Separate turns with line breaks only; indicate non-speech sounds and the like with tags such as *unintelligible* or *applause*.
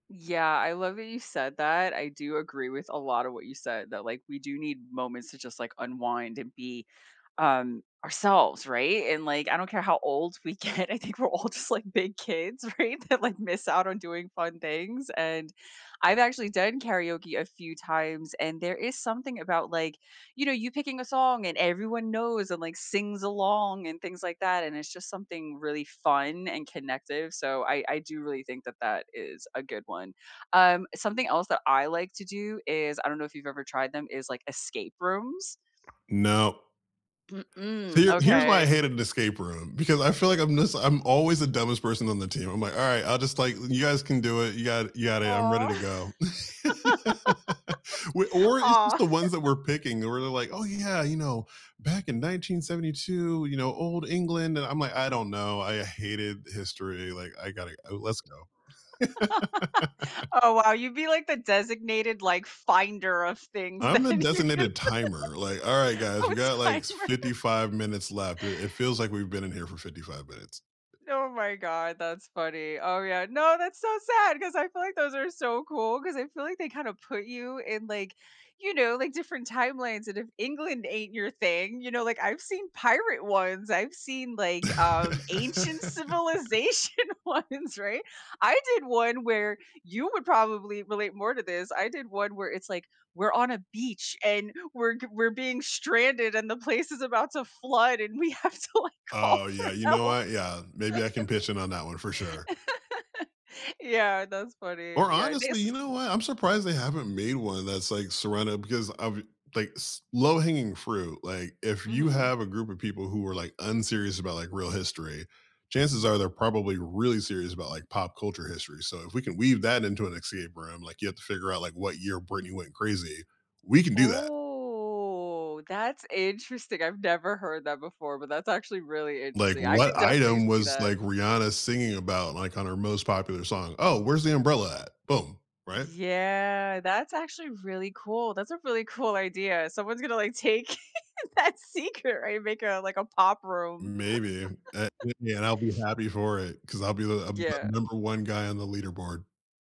Yeah, I love that you said that, I do agree with a lot of what you said that, like, we do need moments to just, like, unwind and be, um, ourselves, right? And, like, I don't care how old we get. I think we're all just, like, big kids, right, that, like, miss out on doing fun things, and I've actually done karaoke a few times and there is something about, like, you know, you picking a song and everyone knows and, like, sings along and things like that, and it's just something really fun and connective, so I I do really think that that is a good one. Um, something else that I like to do is I don't know if you've ever tried them is like escape rooms.
No. So
Mm,
here here's why I
okay.
hated an escape room, because I feel like I'm just I'm always the dumbest person on the team. I'm like, "Alright. I'll just, like you guys can do it. You got you got it. I'm ready
Aw.
to
*laughs*
go." *laughs* We or it's just
Aw.
the
*laughs*
ones that we're picking where they're like, "Oh, yeah. You know, back in 1972, you know, Old England," and I'm like, "I don't know, I hated history, like, I gotta uh, let's go." *laughs*
*laughs* Oh, wow, you'd be like the designated, like, finder of things
I'm the
then you can
designated timer, like, "Alright, guys.
Oh, a
We got, like,
timer.
55 minutes left. I it feels like we've been in here for 55 minutes."
Oh my god, that's funny. Oh, yeah, no, that's so sad 'cause I feel like those are so cool 'cause I feel like they kinda put you in, like, you know, like different timelines, and if England ain't your thing, you know, like, I've seen pirate ones, I've seen like, um, ancient
*laughs*
civilization ones, right? I did one where- you would probably relate more to this- I did one where it's like, "We're on a beach and we're g we're being stranded and the place is about to flood and we have to like call
Oh, yeah,
for
you know
help."
what? Yeah. Maybe I can pitch in on that one for sure.
*laughs* Yeah, that's funny.
Or
Yeah, they ha
honestly, you
s
know what? I'm surprised they haven't made one that's, like, *unintelligible* because obvi like, s low-hanging fruit, like, if you
Mhm.
have a group of people who are, like, unserious about, like, real history, chances are they're probably really serious about, like, pop culture history, so if we can weave that into an escape room, like, you have to figure out, like, what year Britney went crazy, we can do that.
Oh, that's interesting, I've never heard that before, but that's actually really
Like,
interesting. I could
what
definitely
item
see
was,
that.
like, Rihanna singing about, like, on her most popular song? Oh, where's the umbrella at? Boom. Right?
Yeah, that's actually really cool, that's a really cool idea. Someone's gonna like take *giggles* that secret, right? Make a, like a pop room.
Maybe.
*laughs*
*unintelligible* And I'll be happy for it 'cause I'll be the I'll be the
Yeah.
number one guy on the leaderboard.